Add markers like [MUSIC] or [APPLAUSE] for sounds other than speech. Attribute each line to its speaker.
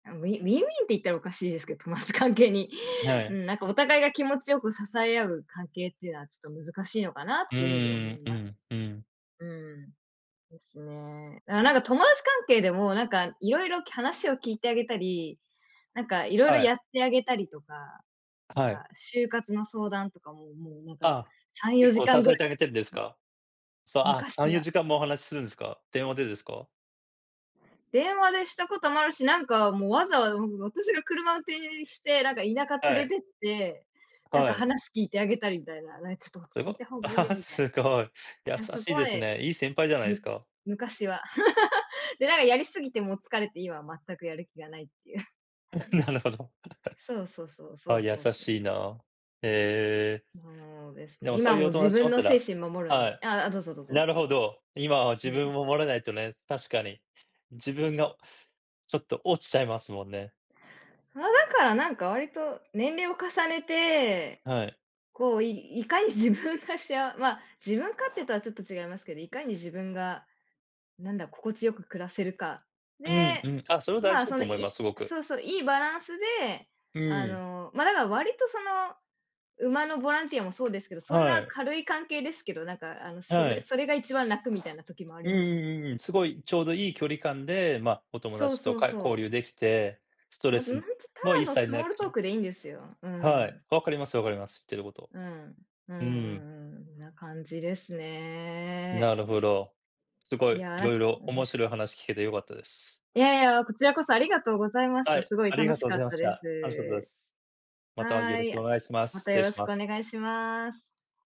Speaker 1: あ、ウィウィンウィンって言ったらおかしいですけど、友達関係に。う
Speaker 2: [UNINTELLIGIBLE]
Speaker 1: ん、なんかお互いが気持ちよく支え合う関係っていうのは、ちょっと難しいのかなっ
Speaker 2: う
Speaker 1: ていう風に
Speaker 2: ー
Speaker 1: 思い
Speaker 2: ん、う
Speaker 1: ます。
Speaker 2: ん、うん。
Speaker 1: うん。ですね。あ、なんか友達関係でも、なんかいろいろ話を聞いてあげたり、なんかいろいろ
Speaker 2: は
Speaker 1: や
Speaker 2: い。
Speaker 1: ってあげたりとか、なん
Speaker 2: はい。
Speaker 1: か就活の相談とかも、もうなんか
Speaker 2: ああ、
Speaker 1: さんよ
Speaker 2: 結
Speaker 1: じ
Speaker 2: 構
Speaker 1: か
Speaker 2: 支
Speaker 1: んぐら
Speaker 2: えてあげてるんですか？そう、あ、
Speaker 1: 昔
Speaker 2: さんよ
Speaker 1: は。
Speaker 2: じかんもお話しするんですか？電話でですか？
Speaker 1: 電話でしたこともあるし、なんかもう、わざわざ私がう車運転して、なんか田舎
Speaker 2: は
Speaker 1: 連
Speaker 2: い。
Speaker 1: れてって、なん
Speaker 2: は
Speaker 1: か
Speaker 2: い。
Speaker 1: 話聞いてあげたりみたいな、なんか「ちょっと落ち
Speaker 2: す
Speaker 1: 着い
Speaker 2: ご、
Speaker 1: た方がいいよ」
Speaker 2: [LAUGHS]
Speaker 1: みたい
Speaker 2: すごい。優
Speaker 1: な。なそ
Speaker 2: し
Speaker 1: こ
Speaker 2: いで
Speaker 1: ま
Speaker 2: す
Speaker 1: で、
Speaker 2: ね。いい先輩じゃない
Speaker 1: む
Speaker 2: すか。
Speaker 1: 昔は。[LAUGHS] で、なんかやりすぎてもう疲れて、今は全くやる気がないっていう。[CHUCKLES]
Speaker 2: [CHUCKLES] なるほど。
Speaker 1: そうそうそ
Speaker 2: [CHUCKLES]
Speaker 1: う
Speaker 2: あ
Speaker 1: そ
Speaker 2: あ、
Speaker 1: う
Speaker 2: 優
Speaker 1: そう、そう、
Speaker 2: しい
Speaker 1: そう。
Speaker 2: な。へえ。
Speaker 1: そおです
Speaker 2: で
Speaker 1: ね、
Speaker 2: もそう
Speaker 1: 今
Speaker 2: い
Speaker 1: も
Speaker 2: う
Speaker 1: う
Speaker 2: お友
Speaker 1: 自
Speaker 2: 達持
Speaker 1: 分
Speaker 2: っ
Speaker 1: の
Speaker 2: た
Speaker 1: 精
Speaker 2: ら
Speaker 1: 神守るの
Speaker 2: は
Speaker 1: に
Speaker 2: い。
Speaker 1: あ、どうぞどうぞ。
Speaker 2: なるほど。今は
Speaker 1: う
Speaker 2: 自
Speaker 1: ん。
Speaker 2: 分を守らないとね、確かに。自分がちょっと落ちちゃいますもんね。
Speaker 1: ああ、だからなんか割と年齢を重ねて、
Speaker 2: はい。
Speaker 1: こう、いいかに自分がしあま、自分勝手とはちょっと違いますけど、いかに自分が、なんだ、心地よく暮らせるか。で、
Speaker 2: うん、うん。あ、それは大事
Speaker 1: ま、
Speaker 2: だ
Speaker 1: その
Speaker 2: と思いま
Speaker 1: い
Speaker 2: す、すごく。
Speaker 1: そうそう、いいバランスで、
Speaker 2: う
Speaker 1: あ
Speaker 2: ん。
Speaker 1: のま、だから割とその馬のボランティアもそうですけど、そん
Speaker 2: は
Speaker 1: な
Speaker 2: い。
Speaker 1: 軽い関係ですけど、なんかあのそ
Speaker 2: は
Speaker 1: れ
Speaker 2: い。
Speaker 1: それが一番楽みたいな時もあり
Speaker 2: うん
Speaker 1: ます。
Speaker 2: うんうんうん。すごいちょうどいい距離感で、ま、お友
Speaker 1: そう
Speaker 2: 達と
Speaker 1: そう
Speaker 2: か
Speaker 1: そ
Speaker 2: 交
Speaker 1: う。
Speaker 2: 流できて、スト
Speaker 1: な
Speaker 2: レ
Speaker 1: うんつ
Speaker 2: ス
Speaker 1: た
Speaker 2: も
Speaker 1: だ
Speaker 2: 一
Speaker 1: の
Speaker 2: 切
Speaker 1: スモ
Speaker 2: な
Speaker 1: ールトー
Speaker 2: く。
Speaker 1: クでいいんですよ。う
Speaker 2: はい。
Speaker 1: ん。
Speaker 2: 分かります分かります。言ってること。
Speaker 1: うん、うんうんう
Speaker 2: うん。
Speaker 1: ん、んな感じですね。
Speaker 2: なるほど。すご
Speaker 1: い
Speaker 2: い、
Speaker 1: や、
Speaker 2: い
Speaker 1: なん
Speaker 2: ろい
Speaker 1: か
Speaker 2: ろ
Speaker 1: 面
Speaker 2: 面
Speaker 1: 白
Speaker 2: 白い話聞けて良かったです。
Speaker 1: いやいや、こちらこそありがとうございまし
Speaker 2: は
Speaker 1: た。
Speaker 2: い、
Speaker 1: すごい
Speaker 2: あり
Speaker 1: 楽
Speaker 2: が
Speaker 1: し
Speaker 2: とうご
Speaker 1: かっ
Speaker 2: ざいま
Speaker 1: た
Speaker 2: し
Speaker 1: で
Speaker 2: た。楽しかったで
Speaker 1: す。
Speaker 2: す。またよ
Speaker 1: は
Speaker 2: ろ
Speaker 1: い、い
Speaker 2: し
Speaker 1: や、
Speaker 2: くお願いしま
Speaker 1: ま
Speaker 2: す。
Speaker 1: た
Speaker 2: 失
Speaker 1: よ
Speaker 2: 礼
Speaker 1: ろ
Speaker 2: し
Speaker 1: し
Speaker 2: ま
Speaker 1: くお願
Speaker 2: す。
Speaker 1: いします。